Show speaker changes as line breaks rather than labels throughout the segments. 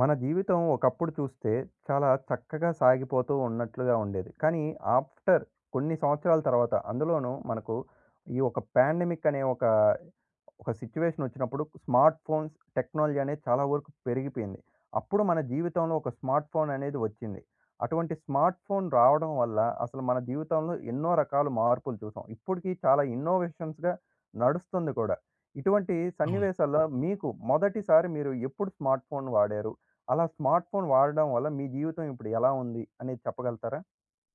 మన జీవితం ఒకప్పుడు చూస్తే చాలా చక్కగా సాగిపోతూ ఉన్నట్లుగా ఉండేది. కానీ ఆఫ్టర్ కొన్ని సంవత్సరాల తర్వాత అందులోను మనకు ఈ ఒక ప్యాండమిక్ అనే ఒక ఒక సిట్యుయేషన్ ఒచ్చినప్పుడు స్మార్ట్ ఫోన్స్ టెక్నాలజీ అనేది చాలా వరకు పెరిగిపోయింది. అప్పుడు మన జీవితంలో ఒక స్మార్ట్ ఫోన్ అనేది ఒచ్చింది. అటువంటి స్మార్ట్ ఫోన్ రావడం వల్ల అసలు మన జీవితంలో ఎన్నో రకాలు మార్పులు చూసాం. ఇప్పటికి చాలా ఇన్నోవేషన్స్‌గా నడుస్తుంది కూడా. ఇటువంటి
అవును.
సన్నివేశాల్లో మీకు మొదటిసారి మీరు ఎప్పుడు స్మార్ట్ ఫోన్ వాడారు? అలా స్మార్ట్ ఫోన్ వాడడం వల్ల మీ జీవితం ఇప్పుడు ఎలా ఉంది అనేది చెప్పగలుగుతారా?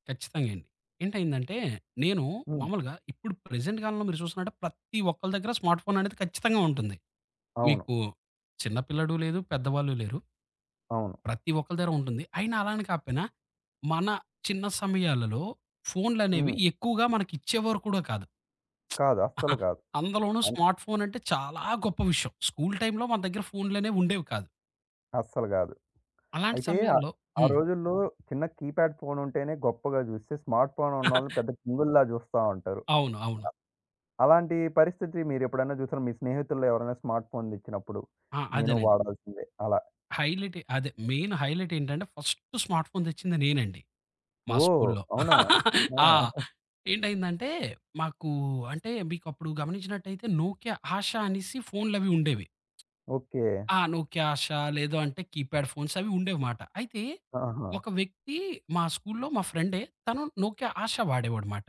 ఖచ్చితంగే అండి. ఏంటైందంటే నేను
హ్మ్.
మామూలుగా ఇప్పుడు ప్రెజెంట్‌ కాలంలో మీరు చూస్తున్నాంటే ప్రతి ఒక్కల దెగ్గర స్మార్ట్ ఫోన్ అనేది ఖచ్చితంగా ఉంటుంది.
అవును.
మీకు చిన్న పిల్లాడు లేదు పెద్దవాళ్ళు లేరు.
అవును.
ప్రతి ఒక్కల దగర ఉంటుంది, అయినా అలాని కాకపోయినా, మన చిన్న సమయాలలో ఫోనులనేవి
హ్మ్.
ఎక్కువగా మనకి ఇచ్చేవారు కూడా కాదు,
కాదు అస్సలు కాదు.
అందులోనూ
అను
స్మార్ట్ ఫోన్ అంటే చాలా గొప్ప విషయం. స్కూల్ టైమ్‌లో మన దెగ్గర ఫోన్‌లనేవి ఉండేవి కాదు.
అస్సలు కాదు.
అలాంటి
అయితే ఆహ్,
సమయంలో
ఆ
హ్మ్.
రోజుల్లో చిన్న కీప్యాడ్ ఫోనుంటేనే గొప్పగా చూస్తే, స్మార్ట్ ఫోనున్నోళ్ళు పెద్ద కింగుల్లా జుస్తా ఉంటారు.
అవును. అవును.
అలాంటి పరిస్థితి మీరెప్పుడైనా చూసారా? మీ స్నేహితుల్లో ఎవరైనా స్మార్ట్ ఫోన్ తెచ్చినప్పుడు?
ఆ!
నేను
అదేనండి.
వాడాల్సిందే అలా?
హైలైటే అదే మెయిను హైలైటేంటంటే ఫస్టు స్మార్ట్ ఫోన్ తెచ్చింది నేనండి మా
ఓహ్!
స్కూల్లో.
అవునా? ఆ!
ఆ! ఏంటైందంటే మాకు అంటే మీకప్పుడు గమనించినట్టయితే 'నోక్య ఆష' అనేసి ఫోన్లవి ఉండేవి.
ఓకే.
ఆ! 'నోక్య ఆష' లేద అంటే కీప్యాడ్ ఫోన్స్ అవి ఉండేవమాట. అయితే,
ఆహా!
ఒక వ్యక్తి మా స్కూల్లో మా ఫ్రెండే తను 'నోక్య ఆష' వాడేవాడనమాట.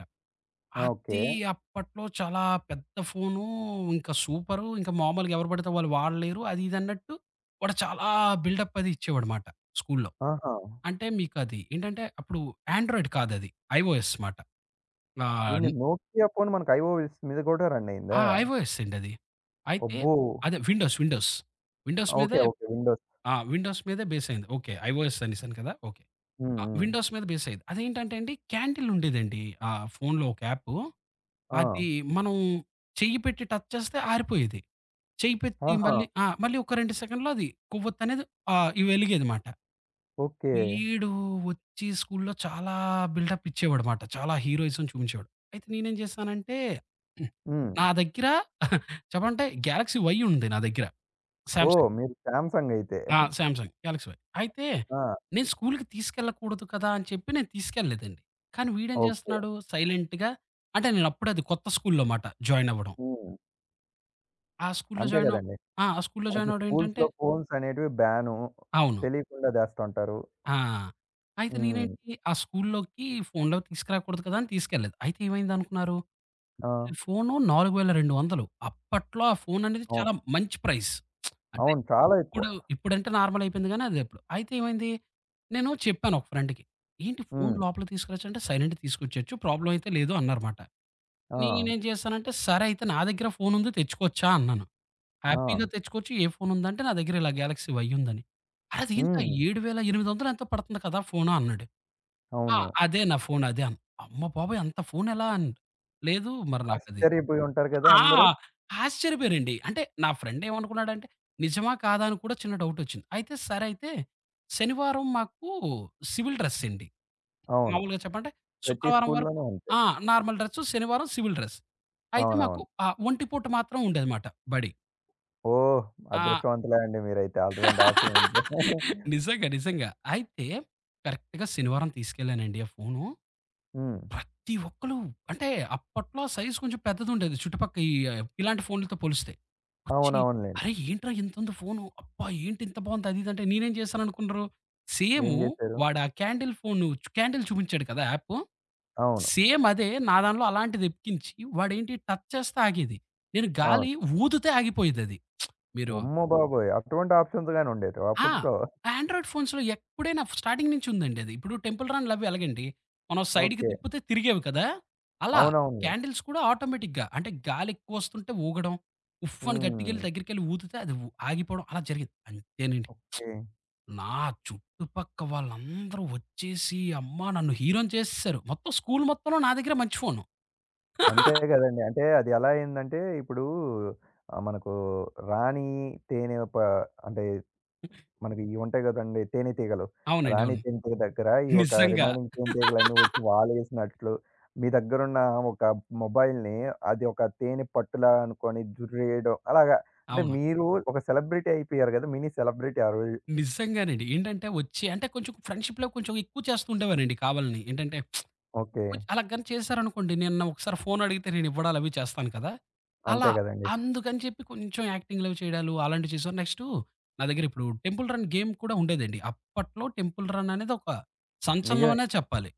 ఆ! ఓకే.
అది అప్పట్లో చాలా పెద్ద ఫోను ఇంకా సూపరు. ఇంక మామూలుగా ఎవరు పడితే వాళ్ళు వాడలేరు. అది ఇదిన్నట్టు వాడు చాలా బిల్డప్పది ఇచ్చేవాడమాట స్కూల్లో.
ఆహా!
అంటే మీకది ఏంటంటే అప్పుడు యాండ్రాయిడ్ కాదది. ఐఓఎస్ మాట. ఆ
ఇన్ని 'నోకియా పోను' మనకు ఐఓఎస్ మీద గూడా
ఆ!
రన్నయిందా?
ఐఓఎస్సండి అది. అయితే
అబ్బో!
అదే విండోస్ విండోస్. Windows
okay.
మీదే
ఓకే విండోస్.
ఆ! విండోస్ మీదే బేసైంది. ఓకే. ఐఓఎస్ అనేసాను కదా! ఓకే.
హ్మ్.
ఆ!
హ్మ్.
విండోస్ మీద బేసయేది. అదేంటంటే అండి క్యాడిలుండేదండి. ఆ ఫోనులో ఒక యాపు,
ఆ!
అది మనం చెయ్యి పెట్టి టచ్ చేస్తే ఆరిపోయేది. చెయ్యిపెట్టి
ఆహా!
మళ్ళీ ఆ! మళ్ళీ ఒక 2 సెకన్లలో అది కొవ్వొత్తనేది ఆహ్, ఇ వెలిగేదనమాట.
ఓకే.
వీడు వచ్చి స్కూల్లో చాలా బిల్టప్ ఇచ్చేవాడమాట. చాలా హీరోయిజం చూపించేవాడు. అయితే నేనేం చేశానంటే హ్మ్.
హ్మ్.
నా దగ్గర చెప్పాలంటే గ్యాలక్సీ వై ఉంది నా దగ్గర
ఓహ్!
'సాంమ్‌సంగ్'.
మీరు 'సాంసంగయితే'.
ఆ! 'సాంసంగ్' 'గ్యాలక్సీ వై' అయితే,
ఆ!
నేను స్కూలుకి తీసుకెళ్ళకూడదు కదా! అని చెప్పి నేను తీసుకెళ్ళలేదండి. కానీ వీడేం
ఓకే.
చేస్తున్నాడు సైలెంటుగా అంటే నేనప్పుడది కొత్త స్కూల్లో మాట జాయినవ్వడం.
హ్మ్.
ఆ స్కూలులో
అంతే
జాయినవ్
గదండి.
ఆ! స్కూలులో
అసలు
జాయినవ్వడం ఏంటంటే
స్కూల్సులో ఫోన్సనేటివి బ్యాను.
అవును.
తెలియకుండా దేస్తావుంటారు.
ఆ! అయితే
హ్మ్.
నేనేంటి ఆ స్కూలులోకి ఫోనులవి తీసుకురాకూడదు కదా! అని తీసుకెళ్ళలేదు. అయితే ఏమైందనుకున్నారు?
ఆ!
ఫోను 4200 అప్పట్లో ఆ ఫోననేది
అవును.
చాలా మంచి ప్రైజ్. అంటే
అవును. చాలా ఎక్కువ.
ఇప్పుడు ఇప్పుడంటే నార్మల్ అయిపోయింది గాని అద అప్పుడు. అయితే ఏమైంది? నేను చెప్పాను ఒక ఫ్రెండ్‌కి. ఏంటి ఫోను
హ్మ్.
లోపల తీసుకెల్లచ్చంటే సైలెంట్‌గా తీసుకొచ్చేయచ్చు. ప్రాబ్లమ్ అయితే లేదు అన్నారమాట.
ఆ!
నేనేం జేశానంటే సరే అయితే నా దెగ్గర ఫోనుంది తెచ్చుకోవచ్చా? అన్నాను. హ్యాపీగా
ఆ!
తెచ్చుకోవచ్చు ఏ ఫోను ఉందంటే, నా దెగ్గర ఇలా 'గ్యాలక్సి వై' యుందని. అరే ఇదేంటరా
హ్మ్.
7800 ఎంతో పడుతుంది కదా! ఫోను అన్నాడు. ఆ!
అవును.
అదే నా ఫోను అదే అమ్మ బాబోయ్ అంత ఫోనెలా అని, లేదు మరి నాకది.
ఆశ్చర్యపోయి ఉంటారు గదా!
ఆ!
అందరూ.
ఆశ్చర్యపోయారండి. అంటే నా ఫ్రెండ్ ఏమనుకున్నాడంటే నిజమా కాదా అని కూడా చిన్న డౌటొచ్చింది. అయితే సరయితే, శనివారం మాకు సివిల్ డ్రెస్ అండి.
అవును.
మామూలుగా చెప్పంటే
ప్రతి
శుక్రవారం వరకు
స్కూల్లోనూ ఉంటాయి.
ఆ! నార్మల్ డ్రస్సు శనివారం సివిల్ డ్రెస్. అయితే మాకు
అవునవును.
ఆ ఒంటి పూట మాత్రం ఉండేదనమాట బడి.
ఓహ్!
ఆ
అదృష్టవంతులే అండి మీరైతే అటువంటి ఆప్షన్ ఉంటే.
నిజంగా. నిజంగా. అయితే, కరెక్ట్‌‌గా శనివారం తీసుకెళ్ళానండి ఆ ఫోను.
హ్మ్.
ప్రతి ఒక్కళు, అంటే అప్పట్లో సైజ్ కొంచం పెద్దదుండేది, చుట్టుపక్క ఈ ఇలాంటి ఫోనులతో పోలిస్తే. వచ్చి
అవునవునులెండి.
"అరేయ్, ఏంట్రా ఇంతుంది ఫోను? అబ్బా! ఏంటి ఇంత బాగుంది." అది ఇదంటే నేనేం చేశాననుకున్నరు?
ఏం
సేము,
జేశారు?
వాడు ఆ క్యాండిల్ ఫోను చ్ క్యాండిల్ చూపించాడు కదా యాపు?
అవును.
సేమ్ అదే, నా దాంట్లో అలాంటిదెక్కించి, వాడేంటి టచ్ చేస్తే ఆగేది. నేను
అవును.
గాలి ఊదుతే ఆగిపోయిదది. మీరు
అమ్మ బాబోయ్! అటువంటి ఆప్షన్స్ గాని ఉండేటివా
ఆ!
అప్పట్లో?
ఆండ్రాయిడ్ ఫోన్స్‌లో ఎప్పుడైనా స్టార్టింగ్ నుంచి ఉందండి అది. ఇప్పుడు టెంపుల్ రన్‌లవ్వి అలాగండి. మనం సైడ్‌కి
ఓకే.
తిప్పితే తిరిగేవి కదా! అలా,
అవునవునులే.
క్యాండిల్స్ కూడా ఆటోమేటిక్‌గా అంటే గాలి ఎక్కువొస్తుంటే ఊగడం. ఉఫ్ఫ్ అని గట్టిగెళ్ళి
హ్మ్.
దగ్గరికెళ్ళి ఊదితే అది ఉ ఆగిపోవడం అలా జరిగేది. అంతేనండి.
ఓకే.
నా చుట్టుపక్క వాళ్ళందరూ ఒచ్చేసి, అమ్మ నన్ను హీరోని చేసేసారు. మొత్తం స్కూలు మొత్తంలో నా దగ్గరే మంచి ఫోను.
అంతే గదండీ. అంటే అది ఎలా అయిందంటే, ఇప్పుడూ ఆహ్, మనకు రాణి తేనే ప అంటే, మనకియ్యి ఉంటాయి గదండీ తేనేతీగలు.
అవునండి.
రాణి
అవును.
జంతువు దగ్గర ఈ ఒక
నిజంగా.
రిమెయినింగ్ తేనెటీగలన్నీ ఒచ్చి వాలేసినట్లు, మీ దగ్గరున్న ఒక మొబైల్‌ని అది ఒక తేనే పట్టులా అనుకొని జుర్రేయడం అలాగా, అంటే
అవును.
మీరు ఒక సెలబ్రిటీ అయిపోయారు కదా! మినీ సెలబ్రిటీ ఆ రోజు.
నిజంగానండి. ఏంటంటే వచ్చి అంటే కొంచెం ఫ్రెండ్‌షిప్‌లో కొంచెం ఎక్కువ చేస్తూ ఉండేవాన్నండి, కావాలని. ఏంటంటే, కొంచ్
ఓకే.
అలాగాని చేశారనుకోండి. నేను నా ఒకసారి ఫోనడిగితే నేను ఇవ్వడాలవి చేస్తాను కదా! అలా,
అంతే కదండీ.
అందుకని చెప్పి కొంచెం యాక్టింగ్‌లవి చేయడాలు అలాంటివి చేశా. నెక్స్టు నా దగ్గర ఇప్పుడు టెంపుల్ రన్ గేమ్ కూడా ఉండేదండి. అప్పట్లో టెంపుల్ రన్ అనేది ఒక
నిజమే.
సంచలనమనే చెప్పాలి.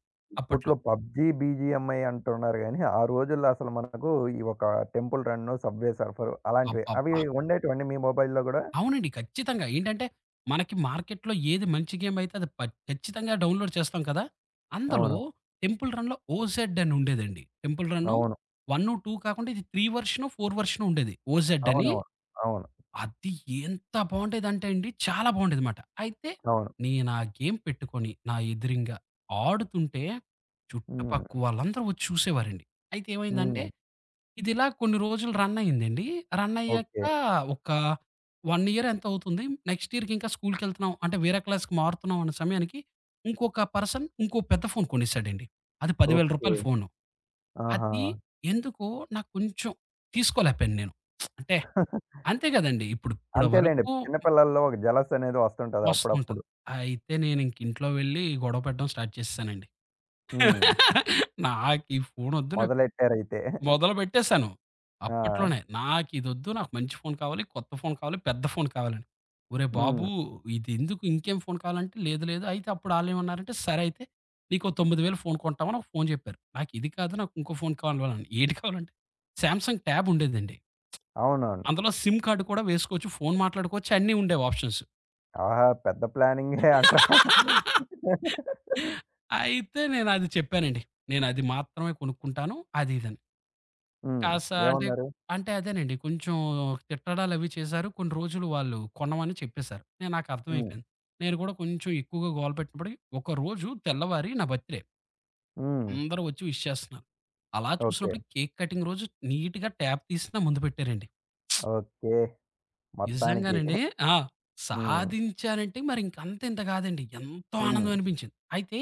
అప్పట్లో.
ఇప్పట్లో పబ్జీ, బీజీఎంఐ అంటున్నారు గానీ, ఆ రోజుల్లో అసలు మనకు ఈ ఒక temple run, subway surfer అలాంటివే, అవి
అబ్బబ్బ!
ఉండేటివా అండి మీ మొబైల్‌లో కూడా?
అవునండి. ఖచ్చితంగా. ఏంటంటే, మనకి మార్కెట్‌లో ఏది మంచి గేమ్ అయితే అది ప ఖచ్చితంగా డౌన్‌లోడ్ చేస్తాం కదా! అందులో
అవును.
టెంపుల్ రన్‌లో ఓజెడ్ అనుండేదండి. టెంపుల్ రన్ను,
అవును.
వన్ను, 2 కాకుండా ఇది 3 వర్షనో, 4 వర్షనో ఉండేది, ఓజెడ్ అని.
అవునవును. అవును.
అది ఎంత బావుండేదంటే అండి చాలా బాగుండేదిమాట. అయితే,
అవును.
నేనా గేమ్ పెట్టుకొని నా ఎదురింగ ఆడుతుంటే, చుట్టుపక్క
హ్మ్.
వాళ్ళందరూ వచ్చి చూసేవారండి. అయితే ఏమైందంటే,
హ్మ్.
ఇదిలా కొన్ని రోజులు రన్ అయిందండి. రన్ అయ్యాక
ఓకే.
ఒక 1 ఇయర్ ఎంతో అవుతుంది. నెక్స్ట్ ఇయర్‌కి ఇంకా స్కూలుకెళ్తున్నాం. అంటే వేరే క్లాస్‌కి మారుతున్నాం అన్న సమయానికి, ఇంకొక పర్సన్ ఇంకోొ పెద్ద ఫోన్ కొనేసాడండి. అది 10000
ఓకే.
రూపాయల ఫోను.
ఆహా!
అది ఎందుకో నాకు కొంచెం తీసుకోలేపోయాను నేను. అంటే, అంతే గదండీ! ఇప్పుడ్ ఇప్పటి
అంతేలెండి.
వరకు
చిన్న పిల్లల్లో ఒక జెలస్ అనేది వస్తుంటది అప్పుడప్పుడు.
వస్తుంటంది. అయితే నేనింక ఇంట్లో వెళ్ళి గొడవపెట్టడం స్టార్ట్ చేసేసానండి.
హ్మ్.
నాకీ ఫోనొద్దు నాక్
మొదలెట్టారైతే.
మొదలుపెట్టేసాను.
ఆ!
అప్పట్లోనే, నాకు ఇదొద్దు నాకు మంచి ఫోను కావాలి, కొత్త ఫోను కావాలి, పెద్ద ఫోను కావాలని. "ఓరే
హ్మ్.
బాబు! ఇదెందుకు?" ఇంకేం ఫోను కావాలంటే, లేదు లేదు. అయితే అప్పుడు ఆళ్ళేమన్నారంటే సరే అయితే, నీకో 9000 ఫోను కొంటామని ఒక ఫోను జెప్పారు. నాకిది కాదు నాకు ఇంకో ఫోను కావాలని. ఏది కావాలంటే, 'సామ్‌సంగ్' ట్యాబ్ ఉండేదండి.
అవునవును.
అందులో సిమ్ కార్డ్ కూడా వేసుకోవచ్చు. ఫోను మాట్లాడుకోవచ్చు అన్నీ ఉండేవి ఆప్షన్స్.
ఆహా! పెద్ద ప్లానింగే అంటారు.
అయితే నేను అది చెప్పానండి. నేను అది మాత్రమే కొనుక్కుంటాను. అది ఇదని.
హ్మ్.
కాస్త అంటే
ఏమన్నారు?
అంటే అదేనండి. కొంచెం తిట్టడాలు అవి చేసారు. కొన్ని రోజులు వాళ్ళు కొనమని చెప్పేశారు. నేను, నాకు
హ్మ్.
అర్థమైపోయింది. నేను కూడా కొంచం ఎక్కువగా గోలపెట్టుకొని, ఒక రోజు తెల్లవారి నా బర్త్‌డే.
హ్మ్.
అందరూ ఒచ్చి విష్ చేస్తున్నారు. అలా
ఓకే.
చూసినప్పుడు కేక్ కటింగ్ రోజు నీట్‌గా ట్యాబ్ తీసి నా ముందు పెట్టారండి.
ఓకే. మొత్తానికి
నిజంగానండి. ఆ!
హ్మ్.
సాధించానంటే మరింక అంత ఇంత కాదండి. ఎంతో ఆనందం
హ్మ్.
అనిపించింది. అయితే,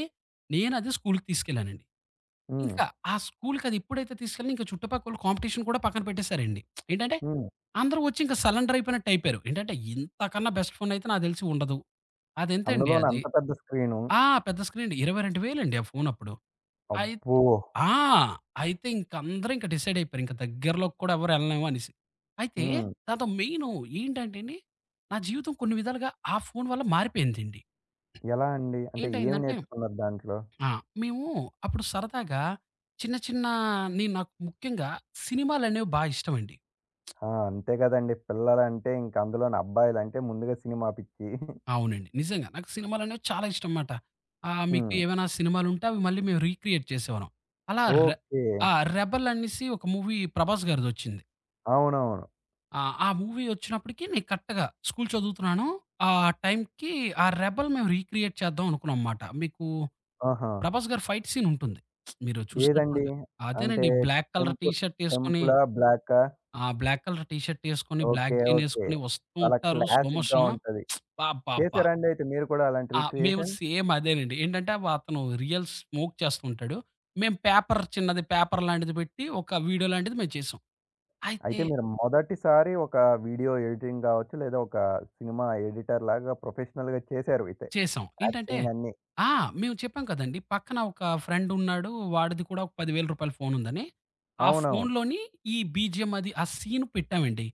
నేనదే స్కూలుకి తీసుకెళ్ళానండి. ఇంకా
హ్మ్.
ఆ స్కూలుకి అది ఎప్పుడైతే తీసుకెళ్ళానో ఇంక చుటుపక్కోళ్ళు కాంపిటీషన్ కూడా పక్కన పెట్టేసారండి. ఏంటంటే,
హ్మ్.
అందరూ వచ్చి ఇంక సలెండర్ అయిపోయినట్టు అయిపోయారు. ఏంటంటే ఇంతకన్నా బెస్ట్ ఫోనయితే నాకు తెలిసి ఉండదు. అదెంతండి
అందులోనే
అది,
అంత పెద్ద స్క్రీను.
ఆ! పెద్ద స్క్రీన్ అండి, 22000 ఆ ఫోన్ అప్పుడు. అయత్
అబ్బో!
ఆ! అయితే ఇంక అందరూ ఇంక డిసైడ్ అయిపోయారు. ఇంక దగ్గరలోకి కూడా ఎవరు ఎళ్లలేమనేసి. అయితే
హ్మ్.
దాంతో మెయిను ఏంటంటే అండి, నా జీవితం కొన్ని విధాలుగా ఆ ఫోన్ వల్ల మారిపోయిందండి.
ఎలా అండి? అంటే ఏం
ఏంటైందంటే.
నేర్చుకున్నారు దాంట్లో?
ఆ! మేము అప్పుడు సరదాగా, చిన్న చిన్న నీ నాకు ముఖ్యంగా, సినిమాలనేవి బా ఇష్టమండి.
ఆ! అంతే కదండీ! పిల్లలంటే ఇంక అందులోను అబ్బాయిలంటే ముందుగా సినిమా పిచ్చి.
అవునండి. నిజంగా. నాకు సినిమాలనేవి చాలా ఇష్టంమాట. ఆ! మీకు
హ్మ్.
ఏమైనా సినిమాలుంటే అవి మళ్ళీ మేము రీక్రియేట్ చేసేవాళ్ళం. అలా ర్
ఓకే.
ఆ! 'రెబల్' అనేసి ఒక మూవీ 'ప్రభాస్' గారిదొచ్చింది.
అవునవును.
ఆ! ఆ మూవీ ఒచ్చినప్పటికి నేను కరెక్టుగా స్కూలు చదువుతున్నాను. ఆ టైంకి ఆ 'రెబల్' మేము రీక్రియేట్ చేద్దాం అనుకున్నాంమాట. మీకు
ఆహా!
ప్రభాస్ గారి ఫైట్ సీనుంటుంది. మీరు
ఏదండి?
చూసినట్టుంటే,
అంటే
అదేనండి ఈ బ్లాక్ కలర్ టీ
టెంపుల్
షర్టేసుకొని
టెంపులా, బ్లాకా?
ఆ బ్లాక్ కలర్ టీ షర్టేసుకొని బ్లాక్
ఓకే. ఓకే.
జీనేసుకొని వస్తూ
చాలా
ఉంటారు స్లో
క్లాసిక్‌గా
మోషను.
ఉంటది.
అబ్బాబ్బబ్బా!
చేశారండి అయితే మీరు కూడా అలాంటి
ఆ! మేము
రిక్రియేషన్?
సేమ్ అదేనండి. ఏంటంటే అతను రియల్ స్మోక్ చేస్తూ ఉంటాడు. మేము పేపర్ చిన్నది పేపర్ లాంటిది పెట్టి ఒక వీడియో లాంటిది మేము చేసాం. అయితే
అయితే మీరు మొదటిసారి ఒక వీడియో ఎడిటింగ్ కావచ్చు, లేదా ఒక సినిమా ఎడిటర్ లాగా ప్రొఫెషనల్‌గా చేశారు అయితే.
చేశాం. ఏంటంటే
యాక్టింగ్ అన్ని.
ఆ! మేము చెప్పాం కదండీ! పక్కన ఒక ఫ్రెండున్నాడు. వాడిది కూడా ఒక రూ. 10,000 ఫోనుందని. ఆ
అవునవును.
ఫోన్లోని ఈ బీజీఎం అది ఆ సీన్ పెట్టామండి.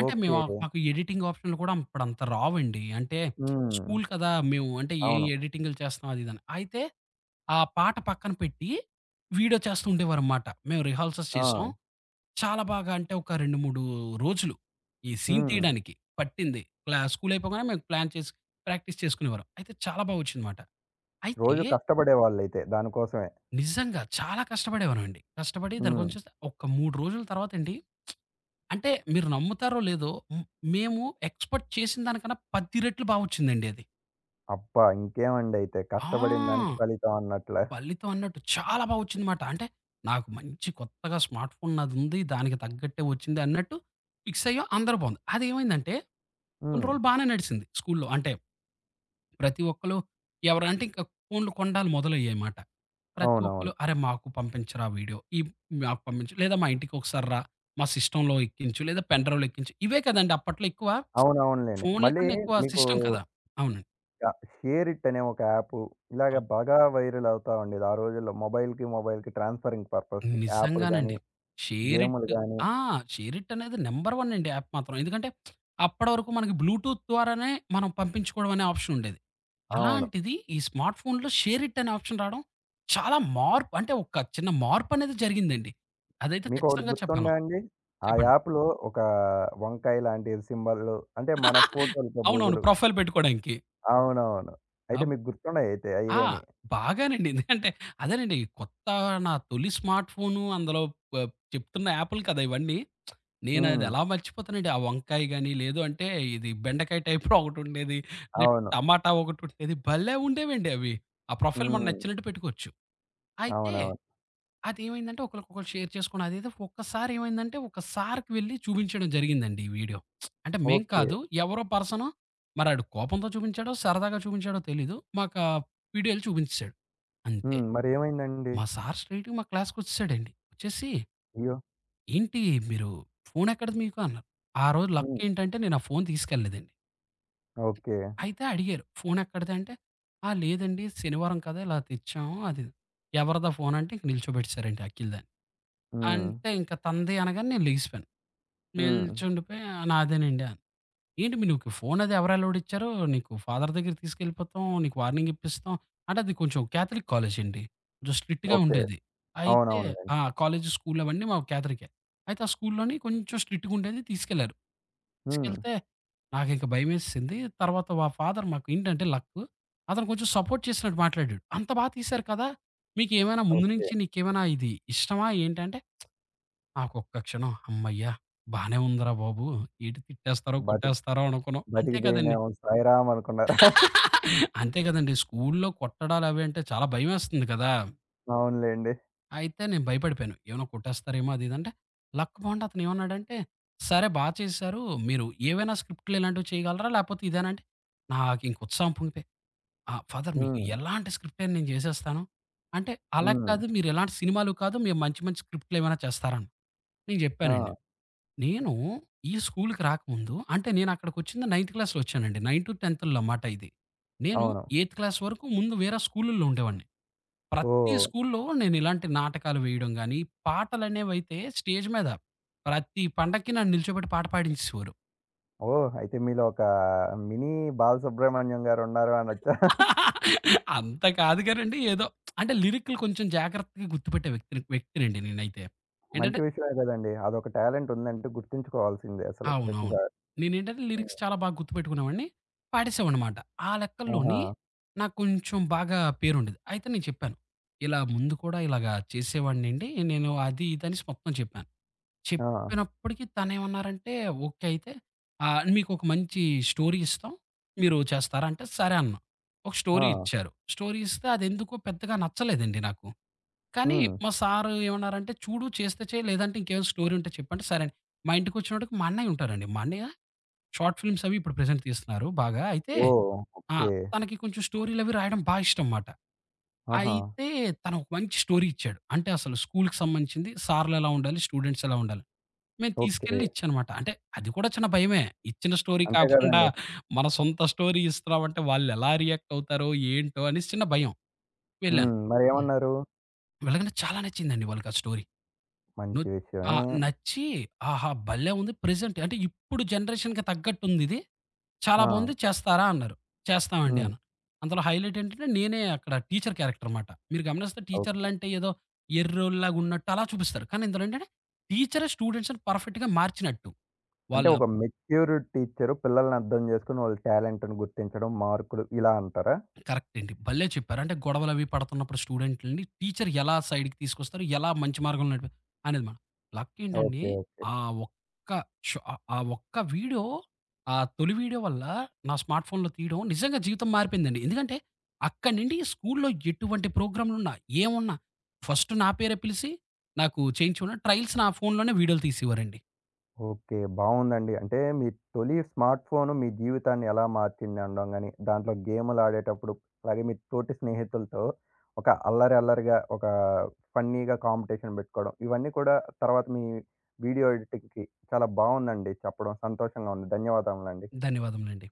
అంటే మేమ
ఓకే.
మాకు ఎడిటింగ్ ఆప్షన్లు కూడా అప్పుడంతా రావండి. అంటే
హ్మ్.
స్కూలు కదా! మేము అంటే ఏం
అవును.
ఎడిటింగులు చేస్తున్నాం అదిదని. అయితే ఆ పాట పక్కన పెట్టి, వీడియో చేస్తూ ఉండేవారుమాట. మేము రిహాల్సెస్ చేసాం.
ఆ!
చాలా బాగా అంటే ఒక 2, 3 రోజులు. ఈ సీన్
హ్మ్.
తీయడానికి పట్టింది. క్లా స్కూలు అయిపోగానే మేము ప్లాన్ చేసి ప్రాక్టీస్ చేసుకునేవారం. అయితే చాలా బాగా ఒచ్చిందమాట. అయితే
రోజు కష్టపడేవాళ్ళైతే దాని కోసమే.
నిజంగా. చాలా కష్టపడేవారమండి. కష్టపడి దాని కోసం
హ్మ్.
చూస్తే ఒక్క 3 రోజుల తర్వాతండి, అంటే మీరు నమ్ముతారో, లేదో హ్మ్. మేము ఎక్స్‌పెక్ట్ చేసిన దానికన్నా 10 రెట్లు బాగొచ్చిందండి అది.
అబ్బా! ఇంకేమండి అయితే
ఆ!
కష్టపడిన దానికి ఫలితం అన్నట్లే.
ఫలితం అన్నట్టు చాలా బా ఒచ్చిందన‌మాట. అంటే నాకు మంచి కొత్తగా స్మార్ట్ ఫోను నాదుంది. దానికి తగ్గట్టే ఒచ్చిందన్నట్టు ఫిక్సయ్యాం అందరూ బావుంది. అదేమైందంటే కొన్ని
హ్మ్.
రోజులు బానే నడిసింది స్కూలు‌లో అంటే, ప్రతి ఒక్కళు ఎవరు అంటే ఇంక ఫోనులు కొండాలు మొదలయ్యాయిమాట. ప్రతి
అవునవును.
ఒక్కళ్ళు అరే మాకు పంపించరా వీడియో. ఈ మాకు పంపించు లేదా మా ఇంటికొకసారిరా మా సిస్టమ్‌లో ఎక్కించు లేదా పెన్‌డ్రైవ్‌లో ఎక్కించు. ఇవే కదండి! అప్పట్లో ఎక్కువ.
అవునవునులెండి.
ఫోనులు
మళ్ళీ
కన్నా ఎక్కువ
మీకు
సిస్టమ్ కదా! అవునండి.
కా షేర్ ఇట్ అనే ఒక యాపు. ఇలాగ
అవును.
బాగా వైరల్ అవుతా ఉండేది. ఆ రోజుల్లో మొబైల్‌కి, మొబైల్‌కి ట్రాన్స్ఫరింగ్ పర్పస్‌కి యాపులు గాని.
నిజంగానండి. షేర్
గేములు
ఇట్
గాని
ఆ! షేర్ ఇట్ అనేది నంబర్ 1 అండి యాప్ మాత్రం. ఎందుకంటే అప్పటి వరకు మనకి బ్లూటూత్ ద్వారానే మనం పంపించుకోడం అనే ఆప్షన్ ఉండేది.
అవును.
అలాంటిది ఈ స్మార్ట్ ఫోనులో షేర్ ఇట్ అనే ఆప్షన్ రాడం చాలా మార్పు అంటే ఒక చిన్న మార్పు అనేది జరిగిందండి. అదైతే
మీకొకటి
ఖచ్చితంగా చెప్పగలం.
గుర్తుందా అండి? ఆ
చెప్పండి.
యాప్‌లో ఒక వంకాయ లాంటి సింబల్లు అంటే మన ఫోటోలతో
అవునవును.
పొజులు.
ప్రొఫైల్ పెట్టుకోడాంకి.
అవునవును. అయితే
అబ
మీకు గుర్తున్నాయి అయితే
ఆ!
అయ్యిగాని.
బాగానండి. అంటే అదేనండి కొత్త నా తొలి స్మార్ట్ ఫోను అందులో ప ఆ చెప్తున్న యాపులు కదా ఇవన్నీ. నేనది
హ్మ్.
ఎలా మర్చిపోతానండి. ఆ వంకాయ గాని, లేదు అంటే ఇది బెండకాయ టైప్‌లో ఒకటుండేది. లేె
అవును.
టమాటా ఒకటుండేది. భలే ఉండేవండి అవి. ఆ ప్రొఫైల్ మనం
హ్మ్.
నచ్చినట్టు పెట్టుకోవచ్చు. అయితే
అవునవును.
అదేమైందంటే ఒకళ్ళకొకళ్ళు షేర్ చేసుకోని అదేదో ఒక్కసారి ఏమైందంటే ఒక సారుకి వెళ్ళి చూపించడం జరిగిందండి ఈ వీడియో. అంటే మేం కాదు
ఓకే.
ఎవరో పర్సను, మరాడు కోపంతో చూపించాడో, సరదాగా చూపించాడో తెలీదు. మాకా వీడియోలు చూపించేసాడు. అంతే
హ్మ్. మరేమైందండి?
మా సారు స్ట్రెయిట్‌గా మా క్లాస్‌కొచ్చేసాడండి. వచ్చేసి
అయ్యో!
ఏంటి మీరు ఫోనెక్కడది మీకు అన్నారు? ఆ రోజు
హ్మ్.
లక్కేంటంటే నేను ఆ ఫోను తీసుకెళ్ళలేదండి.
ఓకే.
అయితే అడిగారు. "ఫోనెక్కడిది" అంటే, ఆ! లేదండి. శనివారం కదా! ఇలా తెచ్చాము. అది ఇది "ఎవరిదా ఫోను" అంటే ఇంక నిల్చోబెట్టేసారండి అఖిల్ దాని.
హ్మ్.
అంటే ఇంక తంది అనగానే నేను లేగిసిపోయాను.
హ్మ్.
నిల్చుండిపోయి నాదేనండి అన్నా. ఏంటి మీ నీకు ఫోనది ఎవరు ఎలౌడ్ ఇచ్చారు నీకు ఫాదర్ దెగ్గరకి తీసుకెళ్ళిపోతాం నీకు వార్నింగ్ ఇప్పిస్తాం. అంటే అది కొంచెం క్యాథలిక్ కాలేజండి. స్ట్రిక్ట్‌గా
ఓకే.
ఉండేది. అయితే
అవునవునులెండి.
ఆ! కాలేజి స్కూలు అవన్నీ మా క్యాదలికే. అయితే ఆ స్కూలులోని కొంచెం స్ట్రిక్ట్‌‌గుండేది తీసుకెళ్లారు.
హ్మ్.
తీసుకెళ్తే. నాకింక భయమేసేసింది. తర్వాత మా ఫాదర్ మాకేంటంటే లక్కు. అతను కొంచెం సపోర్ట్ చేసినట్టు మాట్లాడాడు. "అంత బాగా తీశారు కదా! మీకేమైనా ముందు
ఓకే.
నుంచి నీకేమైనా ఇది ఇష్టమా" ఏంటంటే? నాకొక్క క్షణం హమ్మయ్య. బానే ఉందిరా బాబు. ఏంటి తిట్టేస్తారో
బతిక్
కొట్టేస్తారో అనుకున్నాం. అంతే కదండి!
బతికిపోయినేమో సాయి రామ్ అనుకున్నారా?
అంతే కదండి స్కూలులో కొట్టడాలు అవి అంటే చాలా భయమేస్తుంది గదా!
అవునులెండి.
అయితే నేను భయపడిపోయాను. ఏమైనా కొట్టేస్తారేమో అది ఇదంటే, లక్ బావుండి అతనేమన్నాడంటే, "సరే, బా చేశారు. మీరు ఏవైనా స్క్రిప్టులు ఇలాంటివి చేయగలరా? లేపోతే ఇదేనా?" అంటే, నాకింక ఉత్సాహం పొంగిపోయి, ఆ! ఫాదర్ మీకు
హ్మ్.
ఎలాంటి స్క్రిప్ట్ అయినా నేను జేసేస్తాను. అంటే, "అలా
హ్మ్.
కాదు మీరెలాంటి సినిమాలు కాదు, మేం మంచి మంచి స్క్రిప్టులేమైనా చేస్తారా?" అని, నేను జెప్పానండి.
ఆ!
నేను ఈ స్కూలుకి రాకముందు అంటే, నేనక్కడికొచ్చింది నైన్త్ క్లాస్‌లో ఒచ్చానండి. నైన్టు, టెన్తుల్లో మాట ఇది. నేను
అవును.
ఎయిత్ క్లాస్ వరుకు ముందు వేరే స్కూలుల్లో ఉండేవాడిని. ప్రతి
ఓహ్!
స్కూల్లో నేనిలాంటి నాటకాలు వేయడం గానీ, పాటలనేవైతే స్టేజ్ మీద ప్రతి పండక్కి నన్ను నిలుచోబెట్టి పాట పాడించేసేవారు.
ఓహ్! అయితే, మీలో ఒకా మినీ బాలసుబ్రహ్మణ్యం గారు ఉన్నారు అనొచ్చా?
అంత కాదు గానండి, ఏదో, అంటే, లిరికులు కొంచెం జాగ్రత్తగా గుర్తుపెట్టే వ్యక్తిని వ్యక్తినండి నేనైతే.
మంచి
ఏంటంటే
విషయమే గదండి! అదొక టాలెంట్ ఉందంటే గుర్తుంచుకోవాల్సిందే అసలు
అవునవును.
ప్రతిసారి.
నేనేంటంటే,
హ్మ్.
లిరిక్స్ చాలా బాగా గుర్తుపెట్టుకునే వాడిని. పాడసేవాడినన్నమాట. ఆ లెక్కల్లోని,
ఆహా!
నాకు కొంచెం బాగా పేరుండేది. అయితే నేను చెప్పాను, ఇలా ముందు కూడా ఇలాగా చేసేవాడినండి నేను అది ఇదనేసి మొత్తం చెప్పాను.
ఆ!
చెప్పినప్పటికి తనేమన్నారంటే, "ఓకే అయితే. ఆ! మీకొక మంచి స్టోరీ ఇస్తాం. మీరు చేస్తారా?" అంటే సరే అన్నా. ఒక స్టోరీ
ఆ!
ఇచ్చారు. స్టోరీ ఇస్తే అదెందుకో పెద్దగా నచ్చలేదండి నాకు. కానీ,
హ్మ్.
మా సారు ఏవన్నారంటే, "చూడు, చేస్తే చేయి లేదంటే ఇంకేవైనా స్టోరీ ఉంటే చెప్పు." అంటే, సరే అని, మా ఇంటికొచ్చినప్పటికి మా అన్నయ్యుంటారండి. మా అన్నయ్య, షార్ట్ ఫిలిమ్స్ అవి ఇప్పుడు ప్రెజెంట్ తీస్తున్నారు బాగా. అయితే
ఓహ్!
ఆ!
ఓకే.
తనకి కొంచెం స్టోరీలవి రాయడం బా ఇష్టం మాట.
ఆహా!
అయితే తను ఒక మంచి స్టోరీ ఇచ్చాడు. అంటే, అసలు స్కూలుకి సంబంధించింది సార్లెలా ఉండాలి? స్టూడెంట్స్ ఎలా ఉండాలి? మే
ఓకే.
తీసుకెళ్ళి ఇచ్చాన్నమాట. అంటే అది కూడా చిన్న భయమే. ఇచ్చిన స్టోరీ
అంతే
కాకుండా,
గదండి!
మన సొంత స్టోరీ ఇస్తున్నామంటే వాళ్లెలా రియాక్ట్ అవుతారో, ఏంటో, అనేసి చిన్న భయం. వెళ్ళాను,
హ్మ్.
హ్మ్.
మరేవన్నారు?
వెళ్లగానే చాలా నచ్చిందండి వాళ్ళకా స్టోరీ. ను
మంచి
ఆ!
విషయమే.
నచ్చి, "ఆహా! భలే ఉంది. ప్రెజెంట్ అంటే ఇప్పుడు జనరేషన్‌కి తగ్గట్టుందిది. చాలా బావుంది
ఆ!
చేస్తారా?" అన్నారు. చేస్తామండి
హ్మ్.
అన్నా. అందులో హైలైట్ ఏంటంటే, నేనే అక్కడ టీచరు క్యారెక్టర్ మాట. మీరు గమనిస్తే
ఓకే.
టీచర్లంటే ఏదో ఎర్రోల్లాగా ఉన్నట్టు అలా చూపిస్తారు. కానీ, ఇందులో ఏంటంటే టీచరే స్టూడెంట్స్‌ని పర్ఫెక్ట్‌గా మార్చినట్టు.
అంటే,
వాళ్ళ
ఒక మెచ్యూరు టీచరు పిల్లల్ని అర్థం జేసుకొని, వాళ్ళ టాలెంటుని గుర్తించడం, మార్కులు, ఇలా అంటారా?
కరెక్ట్ అండి. భల్లే చెప్పారు. అంటే, గొడవలవి పడుతున్నప్పుడు స్టూడెంట్లుని, టీచరు ఎలా సైడుకి తీసుకొస్తారు? ఎలా మంచి మార్గంలో నడిపి అనేది మాట. లక్కేంటండి,
ఓకే. ఓకే.
ఆ ఒక్క షో ఆ ఆ ఒక్క వీడియో ఆ తొలి వీడియో వల్ల నా స్మార్ట్ ఫోనులో తీయడం నిజంగా జీవితం మారిపోయిందండి. ఎందుకంటే, అక్కడి నుండి స్కూల్లో ఎటువంటి ప్రోగ్రాములున్నా ఏమున్నా, ఫస్ట్ నా పేరే పిలిసి, నాకు చేయించుకుని ట్రయల్స్ నా ఫోనులోనే వీడియోలు తీసేవారండి.
ఓకే. బావుందండి. అంటే, మీ తొలి స్మార్ట్ ఫోను మీ జీవితాన్ని ఎలా మార్చింది అనడం గానీ, దాంట్లో గేములాడేటప్పుడు, అలాగే మీ తోటి స్నేహితులతో, ఒక అల్లరి, అల్లరిగా ఒకా ఫన్నీగా కాంపిటీషన్ బెట్టుకోడం, ఇవన్నీ కూడా, తర్వాత మీ వీడియో ఎడిటింగ్‌కి చాలా బావుందండి చెప్పడం, సంతోషంగా ఉంది. ధన్యవాదములండి.
ధన్యవాదములండి.